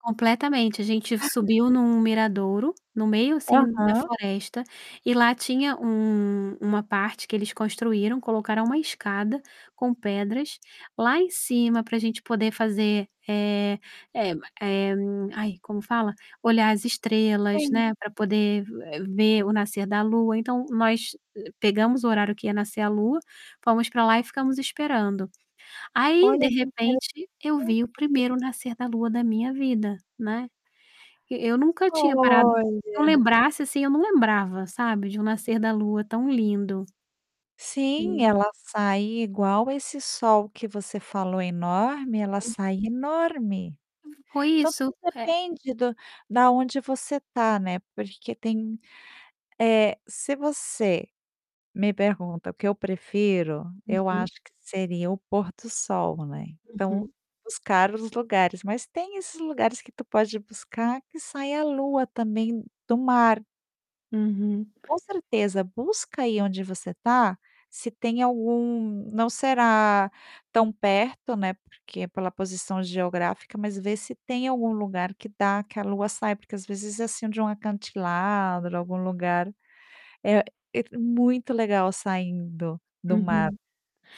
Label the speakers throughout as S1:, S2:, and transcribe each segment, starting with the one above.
S1: Completamente, a gente
S2: [unintelligible]
S1: subiu num miradouro, no meio, assim, da
S2: Aham.
S1: floresta, e lá tinha um uma parte que eles construíram, colocaram uma escada com pedras, lá em cima pra gente poder fazer, eh eh m eh, aí como fala? Olhar as estrelas,
S2: Sim.
S1: né, pra poder vu eh, ver o nascer da lua, então, nós, eh, pegamos o horário que ia nascer a lua, fomos pra lá e ficamos esperando. Aí, de
S2: Olha que interesssante.
S1: repente eu vi o primeiro nascer da lua da minha vida, né. E eu nunca tinha parado
S2: Olha!
S1: que eu lembrasse, assim, eu não lembrava, sabe, de um nascer da lua tão lindo.
S2: Sim,
S1: Hum
S2: ela sai igual esse sol que você falou enorme, ela
S1: [unintelligible]
S2: sai enorme.
S1: Fo foi
S2: Então,
S1: isso.
S2: tudo
S1: Ré
S2: depende do da onde você tá, né, porque tem eh, se você me pergunta: "O que eu prefiro?". Eu
S1: Uhum.
S2: acho que seria o pôr do sol, né, então,
S1: Uhum.
S2: buscar os lugares mas tem esses lugares que tu pode buscar que sai a lua também do mar.
S1: Uhum.
S2: Com certeza. Busca aí onde você tá, se tem algum não será tão perto, né, porque, pela posição geográfica, mas vê se tem algum lugar que dá, que a lua sai, porque às vezes é assim de um acantilado, algum lugar, eh et muito legal saindo, do mar.
S1: Uhum.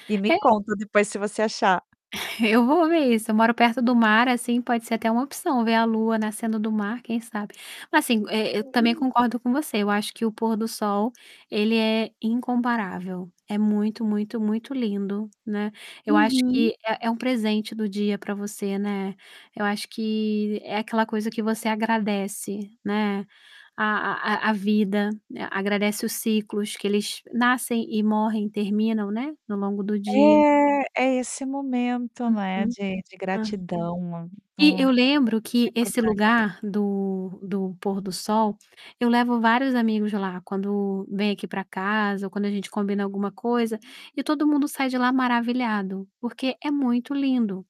S2: E me
S1: É
S2: conta depois se você achar.
S1: Eu vou ver isso, eu moro perto do mar, assim, pode ser até uma opção ver a lua nascendo do mar, quem sabe? Assim, e eu também
S2: [unintelligible]
S1: concordo com você, eu acho que o pôr do sol ele é incomparável, é muito, muito, muito lindo, né, eu acho
S2: Uhum.
S1: que é é um presente do dia pra você, né, eu acho que, é aquela coisa que você agradece, né, a a a a vida, agradece os ciclos que eles nascem e morrem e terminam, né, no longo do dia.
S2: É, é esse momento, né,
S1: Uhum,
S2: de de
S1: hã.
S2: gratidão, hum, é
S1: E, eu
S2: muito
S1: lembro que esse
S2: importante.
S1: lugar do do pôr do sol, eu levo vários amigos lá quando vem aqui pra casa ou quando a gente combina alguma coisa, e todo mundo sai de lá maravilhado, porque é muito lindo.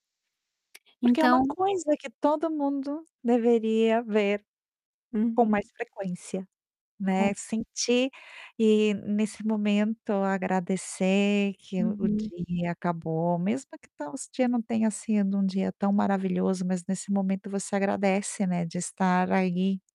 S2: Porque é uma
S1: Então
S2: coisa que todo mundo deveria ver, com mais
S1: Uhum.
S2: frequência, né,
S1: Com
S2: sentir, e nesse momento agradecer que o o
S1: Uhum.
S2: dia acabou, mesmo que tão esse dia não tenha sido um dia tão maravilhoso, mas nesse momento você agradece, né, de estar aí.